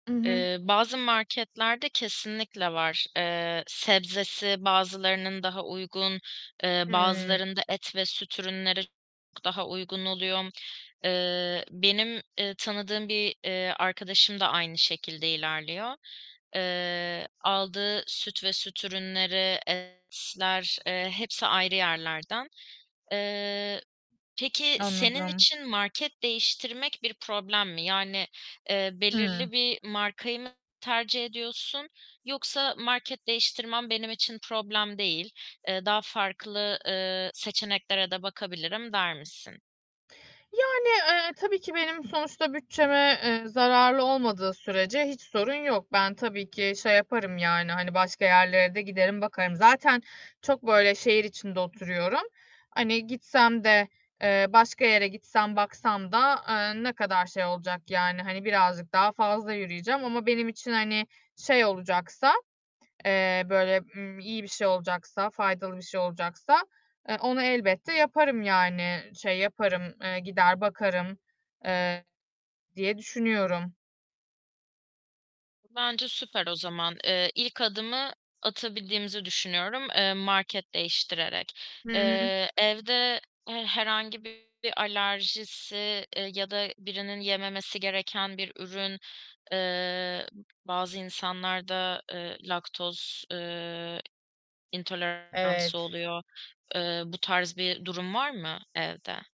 I hı. Eee, bazı marketlerde kesinlikle var. Eee, sebzesi bazılarının daha uygun, eee, Hıı. bazılarında et ve süt ürünleri [unintelligible] daha uygun oluyor. Eee, benim, eee, tanıdığım bir, eee, arkadaşım da aynı şekilde ilerliyor. Eee, aldığı süt ve süt ürünleri, etler, eee, hepsi ayrı yerlerden. Eee, peki senin Anladım. için market değiştirmek bir problem mi? Yani, eee, belirli Hıı. bir markayı mı tercih ediyorsun yoksa, "Market değiştirmem benim için problem değil, eee, daha farklı, eee, seçeneklere de bakabilirim." der misin? Yani, eee, tabii ki benim sonuçta bütçeme, eee, zararlı olmadığı sürece hiç sorun yok. Ben tabii ki şey yaparım, yani, hani, başka yerlere de giderim bakarım. Zaten çok böyle şehir içinde oturuyorum. Hani, gitsem de, eee, başka yere gitsem, baksam da, eee, ne kadar şey olacak. Yani, hani, birazcık daha fazla yürüyeceğim. Ama benim için, hani, şey olacaksa, eee, böyle, ııı, iyi bir şey olacaksa, faydalı bir şey olacaksa, eee, onu elbette yaparım. Yani, şey yaparım, eee, gider, bakarım, eee, diye düşünüyorum. Bence süper o zaman. Eee, ilk adımı atabildiğimizi düşünüyorum, eee, market değiştirerek. Hı hı. Eee, evde he herhangi bir alerjisi, eee, ya da birinin yememesi gereken bir ürün, eee, bazı insanlarda, eee, laktoz, eee, intoleransı Evet. oluyor. Eee, bu tarz bir durum var mı evde?